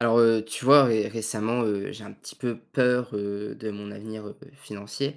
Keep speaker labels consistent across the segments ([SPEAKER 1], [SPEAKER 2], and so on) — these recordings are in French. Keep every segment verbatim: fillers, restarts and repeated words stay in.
[SPEAKER 1] Alors, heu, tu vois ré récemment, heu, j'ai un petit peu peur, heu, de mon avenir, heu, financier.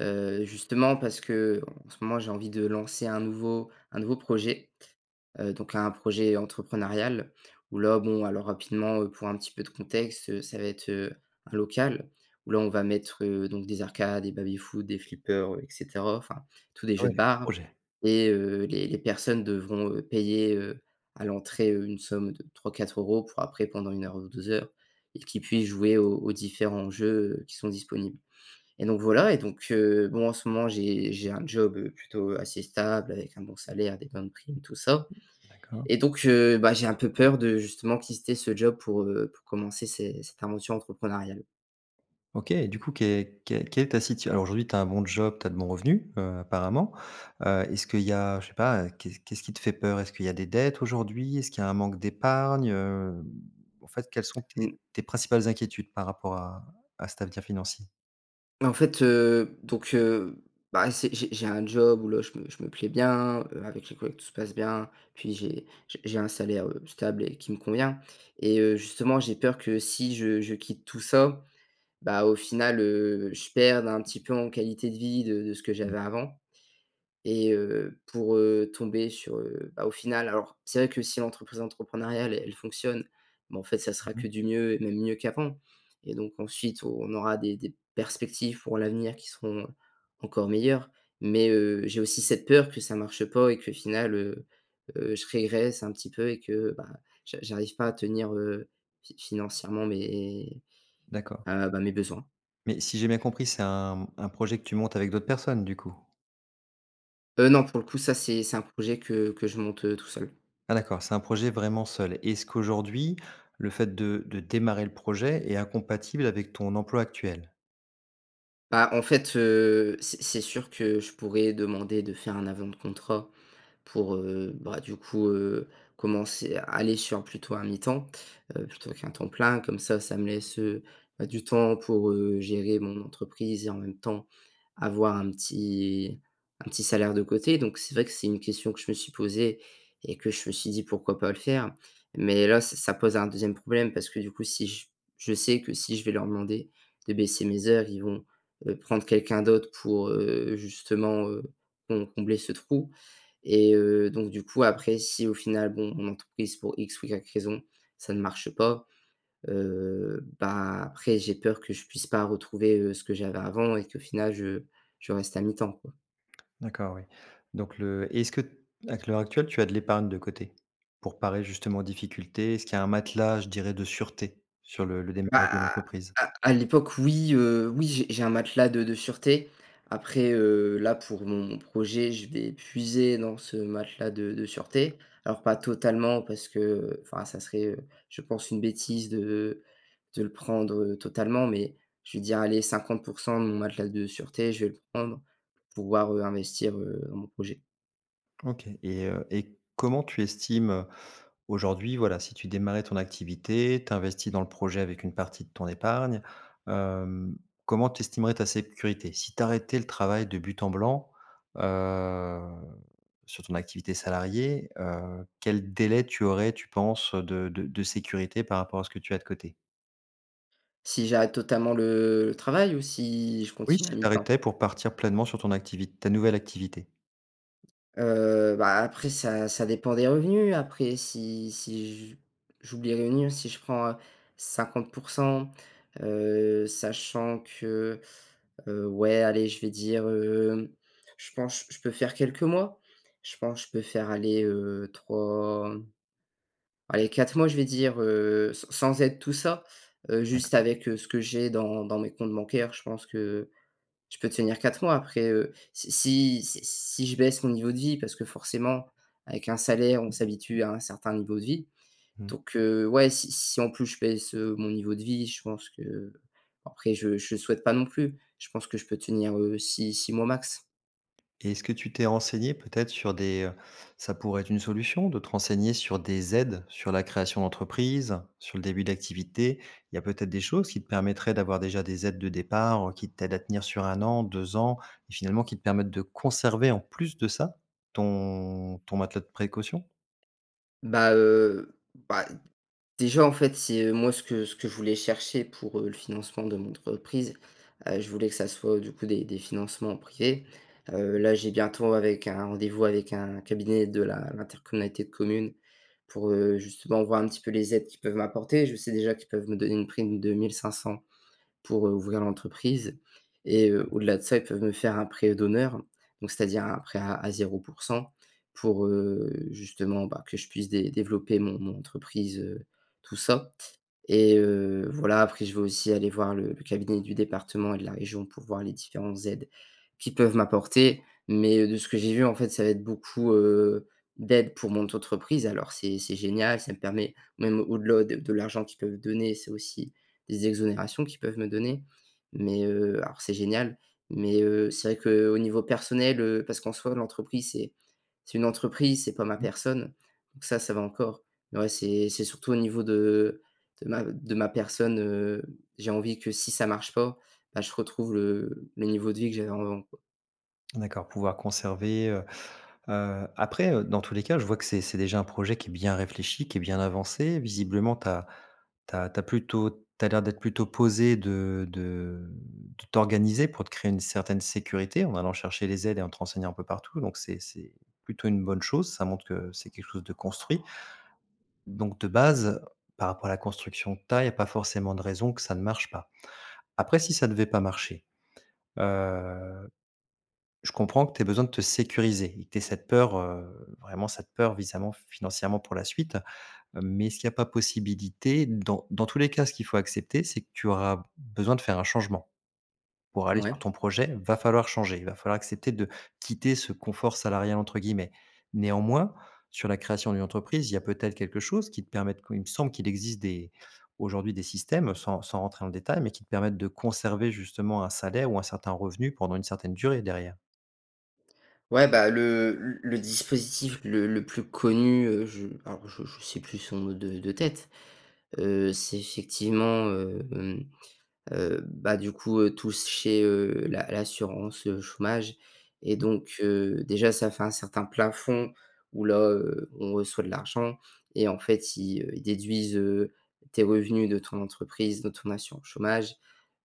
[SPEAKER 1] Heu, justement parce qu'en ce moment j'ai envie de lancer un nouveau un nouveau projet. Heu, donc un projet entrepreneurial où là, bon alors rapidement, heu, pour un petit peu de contexte, heu, ça va être, heu, un local où là on va mettre, heu, donc des arcades, des baby-foot, des flippers, heu et cetera. Enfin tous des
[SPEAKER 2] Ah ouais,
[SPEAKER 1] jeux de
[SPEAKER 2] gros
[SPEAKER 1] bar
[SPEAKER 2] projet.
[SPEAKER 1] et heu, les les personnes devront, heu, payer, heu, à l'entrée, heu, une somme de trois-quatre euros pour après pendant une heure ou deux heures et qu'ils puissent jouer aux aux différents jeux qui sont disponibles. Et donc voilà et donc, heu, bon en ce moment j'ai j'ai un job, heu, plutôt assez stable avec un bon salaire, des bonnes primes, tout ça
[SPEAKER 2] D'accord.
[SPEAKER 1] et donc, heu, bah, j'ai un peu peur de justement quister ce job pour, heu, pour commencer cé cette invention entrepreneuriale.
[SPEAKER 2] OK et du coup, que que quelle est ta situ alors aujourd'hui tu as un bon job, tu as de bons revenus, heu, apparemment. Heu, est-ce qu'il y a je ne sais pas, qu'est-ce qu'est ce qui te fait peur? Est-ce qu'il y a des dettes aujourd'hui? Est-ce qu'il y a un manque d'épargne? Heu, en fait quelles sont tes
[SPEAKER 1] Mmh.
[SPEAKER 2] tes principales inquiétudes par rapport à à cet avenir financier?
[SPEAKER 1] Mais fait, heu, donc, heu, bah, c'est j'ai j'ai un job où là je me je me plais bien, heu, avec les collègues tout se passe bien, puis j'ai j j'ai un salaire, heu, stable et qui me convient. Et heu, justement j'ai peur que si je je quitte tout ça, bah, au final, heu, je perde un petit peu en qualité de vie de de ce que
[SPEAKER 2] Mmh.
[SPEAKER 1] j'avais avant et heu, pour heu, tomber sur heu, bah, au final alors c'est vrai que si l'entreprise entrepreneuriale elle fonctionne, bon en fait ça sera
[SPEAKER 2] Mmh mh.
[SPEAKER 1] que du mieux et même mieux qu'avant et donc ensuite on on aura des des perspectives pour l'avenir qui seront encore meilleures. Mais, heu, j'ai aussi cette peur que ça marche pas et qu'au final, heu, heu, je régresse un petit peu et que, bah, j'a j'arrive pas à tenir, heu, fi financièrement mes,
[SPEAKER 2] D'accord.
[SPEAKER 1] heu, bah, mes besoins.
[SPEAKER 2] Mais si j'ai bien compris, c'est un mmh, un projet que tu montes avec d'autres personnes du coup?
[SPEAKER 1] Heu, non, pour le coup, ça c'est c'est un projet que que je monte, heu, tout seul.
[SPEAKER 2] Ah d'accord, c'est un projet vraiment seul. Est-ce qu'aujourd'hui, le fait de de démarrer le projet est incompatible avec ton emploi actuel?
[SPEAKER 1] Bah, en fait, heu, c'est c'est sûr que je pourrais demander de faire un avenant de contrat pour, heu, bah, du coup, heu, commencer à aller sur plutôt un mi-temps, heu, plutôt qu'un temps plein. Comme ça ça me laisse, heu, bah, du temps pour, heu, gérer mon entreprise et, en même temps, avoir un petit un petit salaire de côté. Donc c'est vrai que c'est une question que je me suis posée et que je me suis dit: «Pourquoi pas le faire?» mais là, ça ça pose un deuxième problème parce que, du coup, si je s je sais que si je vais leur demander de baisser mes heures. Ils vont, heu, prendre, heu, quelqu'un d'autre pour, heu, justement, heu, com combler ce trou. Et heu, donc du coup, après, si au final, bon, mon entreprise, pour X ou Y raison, ça ne marche pas, heu, bah, après, j'ai peur que je puisse pas retrouver, heu, ce que j'avais avant et qu'au final je je reste à mi-temps, quoi.
[SPEAKER 2] D'accord oui. Donc le est-ce que, à qu l'heure actuelle, tu as de l'épargne de côté? Pour parer, justement, aux difficultés? Est-ce qu'il y a un matelas, je dirais, de sûreté sur le le démarrage de
[SPEAKER 1] Bah,
[SPEAKER 2] l'entreprise?
[SPEAKER 1] à à l'époque oui. Heu, oui, j'ai j'ai un matelas de de sûreté. Après, heu, là, pour mon projet, je vais puiser dans ce matelas de de sûreté. Alors pas totalement parce que, heu, enfin, ça serait, heu, je pense une bêtise de de le prendre, heu, totalement. Mais je veux dire, allez, cinquante pour cent de mon matelas de sûreté, je vais le prendre, pouvoir, heu, investir, heu, dans mon projet.
[SPEAKER 2] OK. Et, heu, et comment tu estimes, heu, aujourd'hui, voilà, si tu démarrais ton activité, tu investis dans le projet avec une partie de ton épargne, hem, comment tu estimerais ta sécurité? Si tu arrêtais le travail de but en blanc, heu, sur ton activité salariée, heu, quel délai tu aurais, tu penses, de de de sécurité par rapport à ce que tu as de côté?
[SPEAKER 1] Si j'arrête totalement le travail ou si je
[SPEAKER 2] Oui,
[SPEAKER 1] continue à
[SPEAKER 2] si tu
[SPEAKER 1] mi-temps?
[SPEAKER 2] arrêtais pour partir pleinement sur ton activi ta nouvelle activité.
[SPEAKER 1] Heu, bah, après ça ça dépend des revenus après si si j j'oublie rien si je prends, heu, cinquante pour cent, heu, sachant que, heu, ouais, allez, je vais dire, hem, je pense je peux faire quelques mois. Je pense je peux faire allez, heu, trois, allez, quatre mois je vais dire, heu, sans sans aide, tout ça. Heu,
[SPEAKER 2] [unintelligible]
[SPEAKER 1] juste avec ce que j'ai dans dans mes comptes bancaires, je pense que je peux tenir quatre mois. Après, heu, si si si si je baisse mon niveau de vie parce que, forcément, avec un salaire on s'habitue à un certain niveau de vie.
[SPEAKER 2] Mmh.
[SPEAKER 1] Donc, heu, ouais si si, en plus, je baisse, heu, mon niveau de vie je pense que. Bon, après je je souhaite pas non plus, je pense que je peux tenir, heu, six-six mois max.
[SPEAKER 2] Et est-ce que tu t'es renseigné peut-être sur des, heu, ça pourrait être une solution de te renseigner sur des aides sur la création d'entreprise, sur le début d'activité, il y a peut-être des choses qui te permettraient d'avoir déjà des aides de départ, heu, qui t'aident à tenir sur un an, deux ans et finalement qui te permettent de conserver, en plus de ça, ton ton matelas de précaution?
[SPEAKER 1] Bah, heu. Bah. Déjà en fait c'est, heu, moi ce que ce que je voulais chercher pour, heu, le financement de mon entreprise. Heu, je voulais que ça soit du coup des des financements privés. Heu,
[SPEAKER 2] Mmh.
[SPEAKER 1] là j'ai bientôt avec un rendez-vous avec un cabinet de la l'intercommunalité de communes pour, heu, justement voir un petit peu les aides qui peuvent m'apporter. Je sais déjà qu'ils peuvent me donner une prime de mille cinq cents pour, heu, ouvrir l'entreprise. Et, heu,
[SPEAKER 2] Ouais.
[SPEAKER 1] au-delà de ça ils peuvent me faire un prêt d'honneur donc c'est-à-dire un prêt à zéro pour cent pour, heu, justement, bah, que je puisse dé développer mon mon entreprise, heu, tout ça. Et, heu, voilà, après je vais aussi aller voir le le cabinet du département et de la région pour voir les différentes aides qui peuvent m'apporter. Mais de ce que j'ai vu, en fait, ça va être beaucoup, heu, d'aide pour mon. [unintelligible] Alors c'est c'est génial ça me permet même au-delà de de l'argent qu'ils peuvent donner c'est aussi des exonérations qui peuvent me donner. Mais, heu, alors c'est génial mais, heu, c'est vrai qu'au niveau, heu, personnel, heu parce qu'en soi l'entreprise c'est c'est une entreprise c'est pas ma
[SPEAKER 2] Mmh.
[SPEAKER 1] personne. Donc ça, ça va encore mais en vrai c'est c'est surtout au niveau de, heu, de ma de ma personne, heu, j'ai envie que si ça marche pas. Bah, je retrouve le le niveau de vie que j'avais envant quoi.
[SPEAKER 2] D'accord pouvoir conserver, heu. Heu, après, heu, dans tous les cas je vois que c'est c'est déjà un projet qui est bien réfléchi, qui est bien avancé. Visiblement tu as tu as tu as plutôt tu as l'air d'être plutôt posé, de de de t'organiser pour te créer une certaine sécurité en allant chercher les aides et en te renseignant un peu partout, donc c'est c'est plutôt une bonne chose ça montre que c'est quelque chose de construit. Donc de base par rapport à la construction de taille, il y a pas forcément de raison que ça ne marche pas. Après, si ça ne devait pas marcher. Heu, je comprends que tu aies besoin de te sécuriser et que tu aies cette peur, heu, vraiment cette peur, visamment financièrement pour la suite. Mais est-ce qu'il y a pas possibilité dans dans tous les cas, ce qu'il faut accepter, c'est que tu auras besoin de faire un changement. Pour aller
[SPEAKER 1] Mouais.
[SPEAKER 2] sur ton projet, il va falloir changer, il va falloir accepter de quitter ce «confort salarial» entre guillemets. Néanmoins, sur la création d'une entreprise, il y a peut-être quelque chose qui te permette il me semble, qu'il existe des aujourd'hui, des systèmes sans sans rentrer dans le détail, mais qui te permettent de conserver justement un salaire ou un certain revenu pendant une certaine durée derrière.
[SPEAKER 1] Ouais, bah, le le le dispositif le le plus connu, heu, je alors, je je sais plus son nom de de tête. Heu, c'est effectivement, heu, hem, heu, bah, du coup tous chez, heu, la l'assurance, heu, chômage et
[SPEAKER 2] Mmh.
[SPEAKER 1] donc, heu, déjà ça fait un certain plafond où là, heu, on reçoit de l'argent. Et en fait, ils, heu, ils déduisent, heu, tes revenus de ton entreprise, de ton assurance chômage,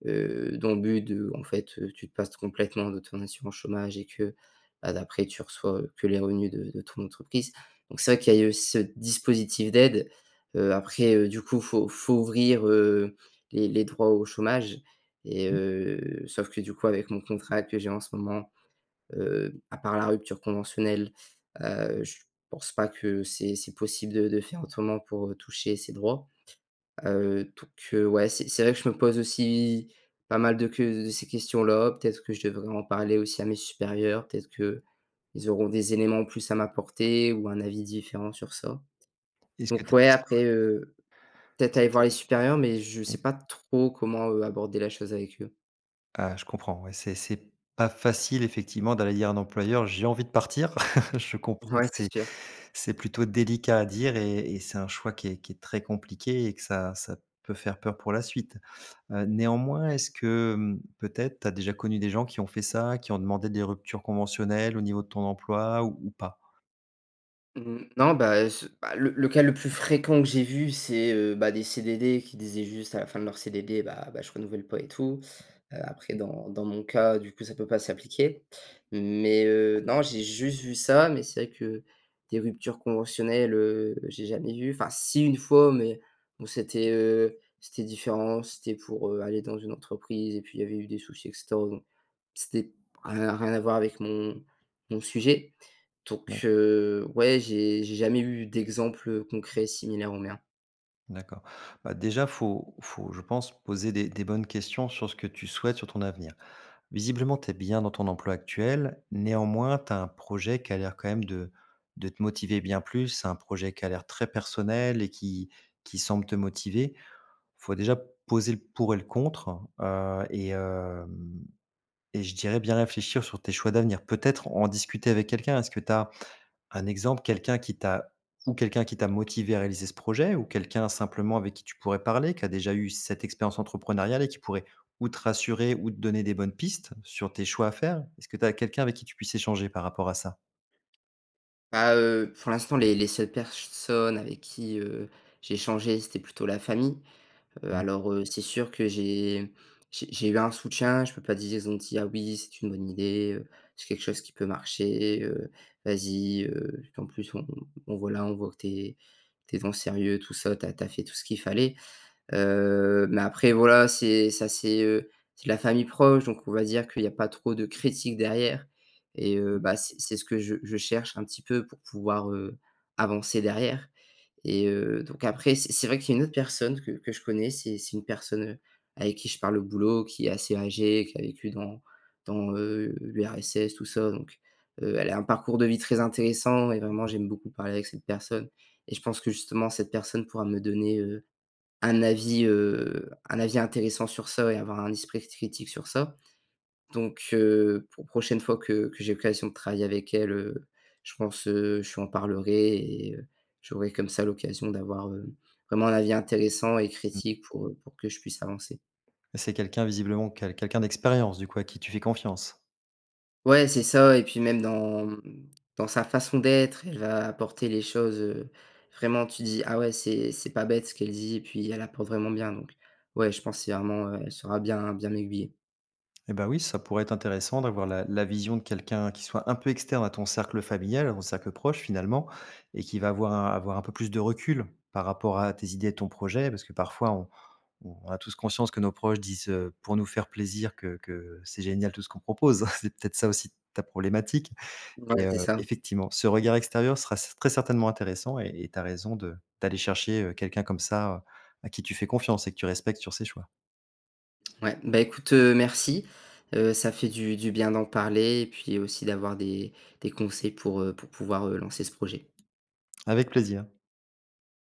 [SPEAKER 1] heu, dans le but de, en fait, heu, tu te passes complètement de ton assurance chômage et que, bah, d'après tu reçois, heu, que les revenus de de ton entreprise. Donc c'est vrai qu'il y a eu ce dispositif d'aide. Heu, après heu, du coup faut faut ouvrir, heu, les les droits au chômage et,
[SPEAKER 2] Mmh.
[SPEAKER 1] heu, sauf que du coup avec mon contrat que j'ai en ce moment, heu, à part la rupture conventionnelle, heu, je pense pas que c'est c'est possible de de faire autrement pour, heu, toucher ces droits. Heu, donc, heu, ouais, c'est c'est vrai que je me pose aussi pas mal de ques de ces questions-là. Peut-être que je devrais en parler aussi à mes supérieurs peut-être qu'ils auront des éléments en plus à m'apporter ou un avis différent sur ça.
[SPEAKER 2] Est-ce que tu
[SPEAKER 1] Donc,
[SPEAKER 2] as un
[SPEAKER 1] ouais
[SPEAKER 2] historique?
[SPEAKER 1] après, heu, peut-être
[SPEAKER 2] Est-ce
[SPEAKER 1] aller
[SPEAKER 2] que ça
[SPEAKER 1] voir les supérieurs, mais je
[SPEAKER 2] peut mmh.
[SPEAKER 1] sais pas trop comment, heu, aborder la chose avec eux.
[SPEAKER 2] Ah, je comprends, ouais, c'est c'est pas facile effectivement d'aller dire à un employeur, j'ai envie de partir. Je comprends que
[SPEAKER 1] Ouais,
[SPEAKER 2] c'est
[SPEAKER 1] c'est sûr.
[SPEAKER 2] c'est plutôt délicat à dire et et c'est un choix qui est qui est très compliqué et que ça ça peut faire peur pour la suite. Heu, néanmoins est-ce que, mmh, peut-être tu as déjà connu des gens qui ont fait ça? Qui ont demandé des ruptures conventionnelles au niveau de ton emploi ou ou pas?
[SPEAKER 1] Mmh mh. Non, bah, ce bah, le le cas le plus fréquent que j'ai vu, c'est, heu, bah, des CDD qui disaient juste à la fin de leur CDD, bah, bah, je renouvelle pas et tout. Heu, après dans dans mon cas, du coup, ça peut pas s'appliquer. Mais, heu, non j'ai juste vu ça mais c'est vrai que des ruptures conventionnelles, heu, j'ai jamais vu, enfin, si, une fois, mais bon, c'était, heu, c'était différent, c'était pour, heu, aller dans une entreprise et puis il y avait eu des soucis et cetera, bon. C'était rien rien à voir avec mon mon sujet. Donc,
[SPEAKER 2] [unintelligible]
[SPEAKER 1] heu, ouais j'ai j'ai jamais eu d'exemples, heu, concrets similaires aux miens.
[SPEAKER 2] D'accord, bah, déjà faut faut, je pense, poser des des bonnes questions sur ce que tu souhaites, sur ton avenir. Visiblement tu es bien dans ton emploi actuel, néanmoins, tu as un projet qui a l'air quand même de de te motiver bien plus, un projet qui a l'air très personnel et qui qui semble te motiver. Il faut déjà poser le pour et le contre, heu, et hem, et je dirais bien réfléchir sur tes choix d'avenir. Peut-être en discuter avec quelqu'un. Est-ce que tu as un exemple, quelqu'un qui t'a ou quelqu'un qui t'a motivé à réaliser ce projet, ou quelqu'un simplement avec qui tu pourrais parler qui a déjà eu cette expérience entrepreneuriale et qui pourrait, ou te rassurer ou te donner des bonnes pistes sur tes choix à faire? Est-ce que tu as quelqu'un avec qui tu puisses échanger par rapport à ça?
[SPEAKER 1] Bah, heu, pour l'instant les les seules personnes avec qui, heu, j'ai échangé c'était plutôt la famille. Heu,
[SPEAKER 2] Mmh.
[SPEAKER 1] alors, heu, c'est sûr, que j'ai j'ai j'ai eu un soutien, je peux pas dire, ils ont dit: «Ah oui, c'est une bonne idée, heu, c'est quelque chose qui peut marcher, heu, vas-y, heu, qu'en plus on on voilà. On voit que tu es tu es dans le sérieux tout ça tu as tu as fait tout ce qu'il fallait». Heu, mais après voilà, c'est ça c'est, heu, c'est la famille proche donc on va dire qu'il y a pas trop de critiques derrière. Et, heu,
[SPEAKER 2] OK.
[SPEAKER 1] bah, c'est c'est ce que je je cherche un petit peu pour pouvoir, heu, avancer derrière. Et, heu, donc, après c'est c'est vrai qu'il y a une autre personne que que je connais, c'est c'est une personne, heu, avec qui je parle au boulot, qui est assez âgée, qui a vécu dans dans, heu, l'URSS, tout ça, donc, heu, elle a un parcours de vie très intéressant et vraiment
[SPEAKER 2] [unintelligible]
[SPEAKER 1] j'aime beaucoup parler avec cette personne. Et je pense que justement cette personne pourra me donner, heu, un avis, heu, un avis intéressant sur ça et avoir un esprit critique sur ça. Donc, heu, pour prochaine fois que que j'ai l'occasion de travailler avec elle, heu, je pense, heu, je lui en parlerai et, heu, j'aurais, comme ça, l'occasion d'avoir, heu, vraiment un avis intéressant et
[SPEAKER 2] Mmh.
[SPEAKER 1] critique pour, heu, pour que je puisse avancer.
[SPEAKER 2] C'est quelqu'un visiblement, quel quelqu'un d'expérience du coup, à qui tu fais confiance?
[SPEAKER 1] Ouais, c'est ça et puis même dans, mmh, dans sa façon d'être, elle va apporter les choses, heu, vraiment tu dis: «Ah ouais, c'est c'est pas bête ce qu'elle dit» et puis elle apporte vraiment bien donc, ouais, je pense c'est vraiment elle saura bien bien m'aiguiller.
[SPEAKER 2] Et bah, oui, ça pourrait être intéressant d'avoir la la vision de quelqu'un qui soit un peu externe à ton cercle familial, au cercle proche finalement et qui va avoir un avoir un peu plus de recul, par rapport à tes idées et ton projet. Parce que parfois, on on a tous conscience que nos proches disent, heu, pour nous faire plaisir que que c'est génial tout ce qu'on propose. C'est peut-être ça aussi ta problématique et,
[SPEAKER 1] Voilà
[SPEAKER 2] heu,
[SPEAKER 1] c'est ça.
[SPEAKER 2] effectivement, ce regard extérieur sera cer très certainement intéressant et et tu as raison de d'aller chercher, heu, quelqu'un comme ça, à qui tu fais confiance et que tu respectes sur ses choix.
[SPEAKER 1] Ouais, bah, écoute, heu, merci. Heu, ça fait du du bien d'en parler et puis aussi d'avoir des des conseils pour, heu, pour pouvoir, heu, lancer ce projet.
[SPEAKER 2] Avec plaisir.